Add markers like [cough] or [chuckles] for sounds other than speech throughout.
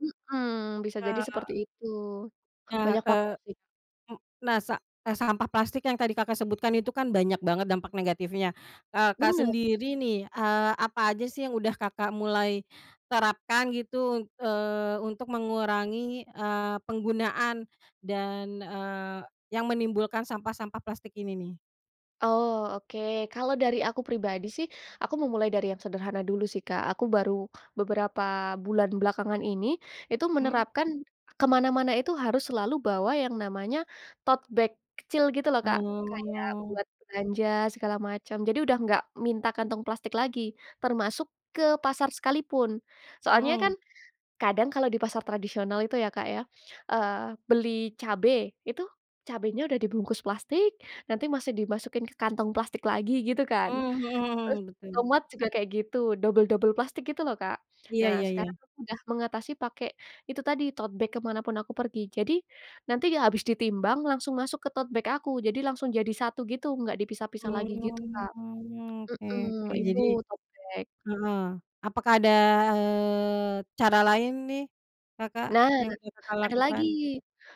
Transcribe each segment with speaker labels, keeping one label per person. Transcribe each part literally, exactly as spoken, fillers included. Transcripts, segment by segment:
Speaker 1: Mhm, bisa jadi seperti
Speaker 2: Eee
Speaker 1: itu.
Speaker 2: Ca
Speaker 1: Banyak faktor,
Speaker 2: eee,
Speaker 1: sih.
Speaker 2: m nah, sa eee, sampah plastik yang tadi Kakak sebutkan itu, kan, banyak banget dampak negatifnya. Kakak
Speaker 1: Benar.
Speaker 2: sendiri, nih. Eee, apa aja, sih, yang udah Kakak mulai terapkan, gitu, un eee, untuk mengurangi, eee, penggunaan, dan, eee, yang menimbulkan sampah-sampah plastik ini, nih?
Speaker 1: Oh, oke. Kalau dari aku pribadi, sih, aku memulai dari yang sederhana dulu, sih, Kak. Aku baru beberapa bulan belakangan ini, itu
Speaker 2: Mmm.
Speaker 1: menerapkan ke mana-mana itu harus selalu bawa yang namanya tote bag kecil, gitu, loh, Kak. Kayak
Speaker 2: Oh.
Speaker 1: buat belanja, segala macam. Jadi, udah nggak minta kantong plastik lagi, termasuk ke pasar sekali pun. Soalnya,
Speaker 2: Mmm.
Speaker 1: kan, kadang, kalau di pasar tradisional itu, ya, Kak, ya, eee, beli cabe. Itu, cabenya udah dibungkus plastik, nanti masih dimasukin ke kantong plastik lagi, gitu, kan.
Speaker 2: Mmm, mhm
Speaker 1: Terus,
Speaker 2: mhm, betul.
Speaker 1: tomat juga kayak gitu, dobel-dobel plastik gitu, loh, Kak.
Speaker 2: Iya
Speaker 1: Nah,
Speaker 2: iya
Speaker 1: sekarang,
Speaker 2: iya.
Speaker 1: aku udah mengatasi pakai itu tadi, tote bag ke mana pun aku pergi. Jadi, nanti habis ditimbang, langsung masuk ke tote bag aku. Jadi langsung jadi satu gitu, nggak dipisah-pisah lagi
Speaker 2: Oh,
Speaker 1: gitu, Kak.
Speaker 2: oke
Speaker 1: Mhm.
Speaker 2: oke. Jadi
Speaker 1: Itu tote bag.
Speaker 2: heeh. Apakah ada, eee, cara lain, nih, Kakak,
Speaker 1: Nah,
Speaker 2: yang udah Kakak
Speaker 1: ada lagi.
Speaker 2: lakukan?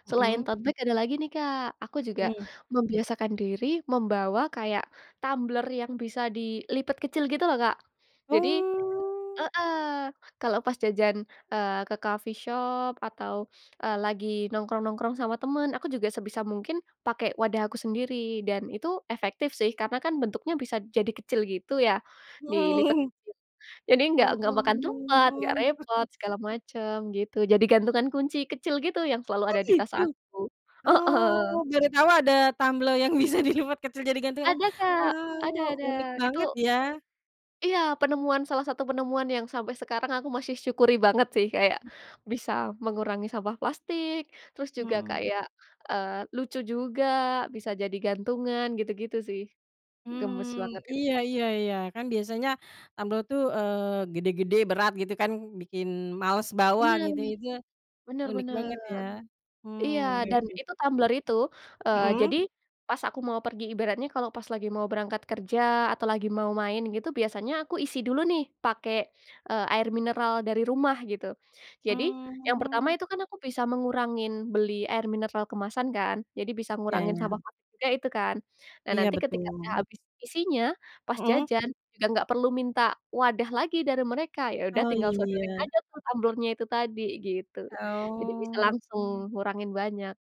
Speaker 2: Mhm.
Speaker 1: Selain tote bag, ada lagi, nih, Kak. Aku juga
Speaker 2: Mmm.
Speaker 1: membiasakan diri membawa kayak tumbler yang bisa dilipat kecil gitu, loh, Kak. Jadi
Speaker 2: Oh!
Speaker 1: heeh. Kalau pas jajan, eee, ke coffee shop, atau, eee, lagi nongkrong-nongkrong sama teman, aku juga sebisa mungkin pakai wadah aku sendiri. Dan, itu efektif, sih. Karena, kan, bentuknya bisa jadi kecil gitu, ya. Dilipat
Speaker 2: Mmm.
Speaker 1: kecil. Jadi, nggak nggak makan tempat,
Speaker 2: Oh.
Speaker 1: nggak repot,
Speaker 2: [chuckles]
Speaker 1: segala macam, gitu. Jadi gantungan kunci kecil gitu, yang selalu
Speaker 2: Oh,
Speaker 1: ada di tas
Speaker 2: gitu?
Speaker 1: aku. Heeh.
Speaker 2: Oh, baru tau ada tumbler yang bisa dilipat kecil jadi gantungan,
Speaker 1: Ada, Kak!
Speaker 2: wah,
Speaker 1: Ada
Speaker 2: oh,
Speaker 1: ada.
Speaker 2: unik
Speaker 1: Itu
Speaker 2: banget, ya.
Speaker 1: iya, penemuan salah satu penemuan, yang sampai sekarang aku masyih syukuri banget, sih. Kayak, bisa mengurangi sampah plastik, terus juga
Speaker 2: Mmm.
Speaker 1: kayak, eee, lucu juga, bisa jadi gantungan, gitu-gitu, sih. Gemas
Speaker 2: Mmm,
Speaker 1: banget, gitu.
Speaker 2: iya iya iya. Kan, biasanya tumbler, tuh, eee, gede-gede, berat, gitu, kan. Bikin malas bawa,
Speaker 1: Benar.
Speaker 2: gitu. Itu,
Speaker 1: Benar
Speaker 2: unik
Speaker 1: benar.
Speaker 2: banget, ya. Mmm,
Speaker 1: Iya,
Speaker 2: oke
Speaker 1: dan,
Speaker 2: oke,
Speaker 1: itu
Speaker 2: sih.
Speaker 1: tumbler itu, eee,
Speaker 2: Mmm.
Speaker 1: jadi, pas aku mau pergi, ibaratnya kalau pas lagi mau berangkat kerja, atau lagi mau main gitu, biasanya aku isi dulu, nih, pakai, eee, air mineral dari rumah, gitu. Jadi, yang pertama
Speaker 2: Mmm.
Speaker 1: itu, kan, aku bisa mengurangin beli air mineral kemasan, kan. Jadi, bisa
Speaker 2: Ya
Speaker 1: ngurangin
Speaker 2: ya.
Speaker 1: sampah plastik juga, itu, kan. Nah,
Speaker 2: Iya,
Speaker 1: nanti ketika udah
Speaker 2: betul.
Speaker 1: habis isinya, pas
Speaker 2: Mmm.
Speaker 1: jajan, udah nggak perlu minta wadah lagi, dari mereka. Ya udah,
Speaker 2: Oh,
Speaker 1: tinggal sodorin
Speaker 2: iya.
Speaker 1: aja, tuh, tumblernya itu tadi, gitu.
Speaker 2: E
Speaker 1: Jadi bisa
Speaker 2: oh.
Speaker 1: langsung ngurangin banyak.